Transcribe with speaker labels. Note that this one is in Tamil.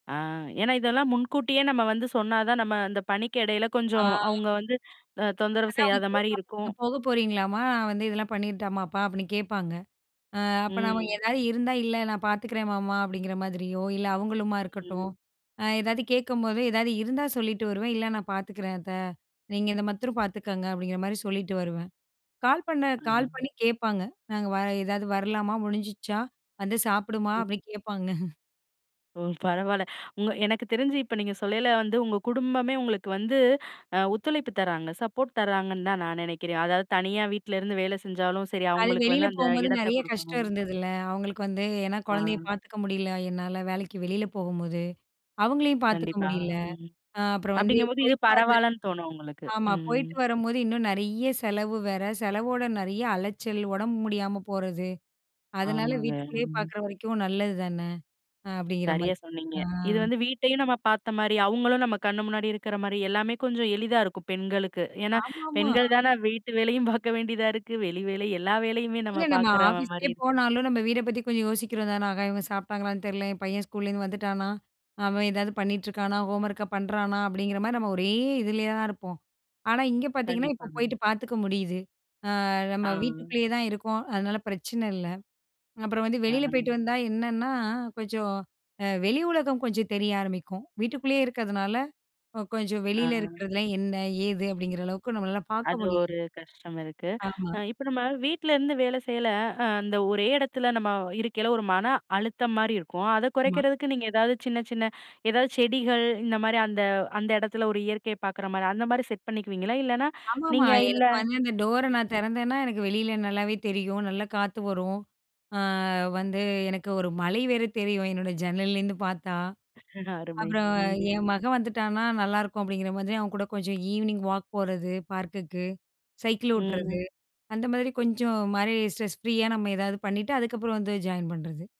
Speaker 1: ஆ. ஏன்னா இதெல்லாம் முன்கூட்டியே நம்ம வந்து சொன்னா தான் நம்ம அந்தப் பணிக்கு எடைல
Speaker 2: ஆ.
Speaker 1: கொஞ்சம் அவுங்க வந்து அ தொந்தரவு
Speaker 2: அதான் அவுங்க
Speaker 1: செய்யாத மாரி
Speaker 2: கேப்பாங்க, நீங்க
Speaker 1: இருக்கும்.
Speaker 2: போகப்போறீங்களாமா? நான் வந்து இதெல்லாம் பண்ணிரட்டாமாப்பா? அப்டின்னு கேப்பாங்க. அ, அப்ப நாம
Speaker 1: ம்.
Speaker 2: ஏதாவது இருந்தா, இல்ல நான் பாத்துக்கிறேன் மாமா அப்டிங்கிற மாதிரியோ, இல்ல அவுங்களுமா இருக்கட்டும்,
Speaker 1: ம்.
Speaker 2: அ ஏதாவது கேக்கும்போது ஏதாவது இருந்தா சொல்லிட்டு வருவேன், இல்ல நான் பாத்துக்கிறேன் அத்த. நீங்க இந்த மத்தரம் பாத்துக்கோங்க, அப்டிங்கிற மாரி சொல்லிட்டு வருவேன். கால் பண்ண, கால்
Speaker 1: ம்.
Speaker 2: பண்ணி கேப்பாங்க. நாங்க வர ஏதாவது வரலாமா? முடிஞ்சுருச்சா? வந்து சாப்பிடுமா?
Speaker 1: ம்.
Speaker 2: அப்டின்னு கேப்பாங்க.
Speaker 1: ஓ! பரவால்ல. உங்க எனக்கு தெரிஞ்சி இப்ப நீங்க சொல்லேல வந்து உங்க குடும்பமே உங்களுக்கு வந்து, அ ஒத்துழைப்பு தராங்க, சப்போர்ட் தராங்கன்னு தான் நான் நினைக்கிறேன். அதாவது தனியா வீட்ல இருந்து வேலை செஞ்சாலும் சரி,
Speaker 2: அது
Speaker 1: அவுங்களுக்கு
Speaker 2: வெளில
Speaker 1: வந்து அந்த
Speaker 2: போகும்போது
Speaker 1: இடத்த
Speaker 2: நெறைய கஷ்டம்
Speaker 1: குடுக்கணும்னு.
Speaker 2: இருந்தது இல்ல? அவுங்களுக்கு வந்து, ஏன்னா
Speaker 1: ஆ.
Speaker 2: குழந்தைய பாத்துக்க முடியல என்னால, வேலைக்கு வெளில போகும்போது. அவுங்களையும் பாத்துக்க
Speaker 1: கண்டிப்பா.
Speaker 2: முடியல.
Speaker 1: ம்.
Speaker 2: அ, அப்புறம் வந்து,
Speaker 1: அப்டிங்கும் போது இது
Speaker 2: போயிட்டு வரது
Speaker 1: பரவால்லன்னு தோணும் உங்களுக்கு.
Speaker 2: ஆமா,
Speaker 1: ம்.
Speaker 2: போயிட்டு வரும்போது இன்னும் நெறைய செலவு வேற, செலவோட நெறைய அலைச்சல், உடம்பு முடியாம போறது. அதனால
Speaker 1: ஆமாங்க.
Speaker 2: வீட்டுக்குள்ளே
Speaker 1: ம்.
Speaker 2: பாக்கிற வரைக்கும் நல்லது தானே? அ அப்டிங்கிற
Speaker 1: சரியா
Speaker 2: மாதிரி.
Speaker 1: சொன்னீங்க.
Speaker 2: ஆ.
Speaker 1: இது வந்து வீட்டையும் நம்ம பார்த்த மாரி, அவுங்களும் நம்ம கண் முன்னாடி இருக்கிற மாரி எல்லாமே கொஞ்சம் எளிதா இருக்கும் பெண்களுக்கு. ஏன்னா
Speaker 2: ஆமா. ஆமா.
Speaker 1: பெண்கள்தானே வீட்டு வேலையும் பாக்க வேண்டியதா இருக்கு, வெளி வேலை எல்லா வேலையுமே நம்ம
Speaker 2: இல்லங்க. நா
Speaker 1: பாக்கிற
Speaker 2: ஆபீஸ்க்கே
Speaker 1: மாரி இருக்கு.
Speaker 2: போனாலும் நம்ம வீடப் பத்தி கொஞ்சம் யோசிக்கிறோம் தானே? ஆஹா இவுங்க சாப்பிட்டாங்களான்னு தெரியல, என் பையன் ஸ்கூல இருந்து வந்துட்டானா? அவன் ஏதாவது பண்ணிட்டு இருக்கானா? ஹோம்வொர்க்க பண்றானா? அப்டிங்கிற மாரி நம்ம ஒரே இதுல தான் இருப்போம். ஆனா இங்க பாத்தீங்கன்னா, இப்போ
Speaker 1: கண்டிப்பாங்க.
Speaker 2: போயிட்டு பாத்துக்க முடியுது. அ, நம்ம
Speaker 1: ஆ.
Speaker 2: வீட்டுக்குள்ளே தான் இருக்கோம், அதனால பிரச்சனை இல்ல. அப்பறம் வந்து
Speaker 1: ஆ.
Speaker 2: வெளில போயிட்டு வந்தா என்னன்னா, கொஞ்சம் அ வெளி உலகம் கொஞ்சம் தெரிய ஆரம்பிக்கும். வீட்டுக்குள்ளே இருக்கிறதுனால, ஒ கொஞ்சம்
Speaker 1: ஆ.
Speaker 2: வெளில இருக்கிறதுலாம் என்ன, ஏது அப்டிங்கிற அளவுக்கு நம்மளால பாக்க
Speaker 1: அது
Speaker 2: முடியல.
Speaker 1: ஒரு கஷ்டம் இருக்கு.
Speaker 2: ஆமா.
Speaker 1: அ இப்ப நம்ம வீட்ல இருந்து வேலை செய்யல, அ அந்த ஒரே இடத்துல நம்ம வ் இருக்கையில ஒரு மன அழுத்தம் மாரி இருக்கும். அத
Speaker 2: ஆமா.
Speaker 1: குறைக்கிறதுக்கு நீங்க ஏதாவது சின்ன சின்ன ஏதாவது செடிகள் இந்த மாரி அந்த, அந்த எடத்துல ஒரு இயற்கைய பாக்குற மாரி, அந்த மாரி செட் பண்ணிக்குவீங்களா? இல்லைன்னா
Speaker 2: ஆமா. ஆமா.
Speaker 1: நீங்க இல்ல,
Speaker 2: எனக்கு வந்து இந்த டோர
Speaker 1: ம்.
Speaker 2: நான் திறந்தேன்னா எனக்கு வெளில நல்லாவே தெரியும். நல்லா காத்து வரும். அ, வந்து எனக்கு ஒரு மலை வேற தெரியும், என்னோட ஜன்னல்ல இருந்து பார்த்தா.
Speaker 1: அருமை!
Speaker 2: அப்புறம்
Speaker 1: ம்.
Speaker 2: என் மகன் வந்துட்டான்னா, நல்லா இருக்கும் அப்டிங்கிற மாரி, அவன் கூட கொஞ்சம் ஈவினிங் வாக் போறது பார்க்குக்கு, சைக்கிள் ஓட்டுறது,
Speaker 1: ம்.
Speaker 2: அந்த மாதிரி கொஞ்சம் மாரி ஸ்ட்ரெஸ் ஃப்ரீயா நம்ம ஏதாவது பண்ணிட்டு, அதுக்கப்புறம் வந்து ஜாயின் பண்றது.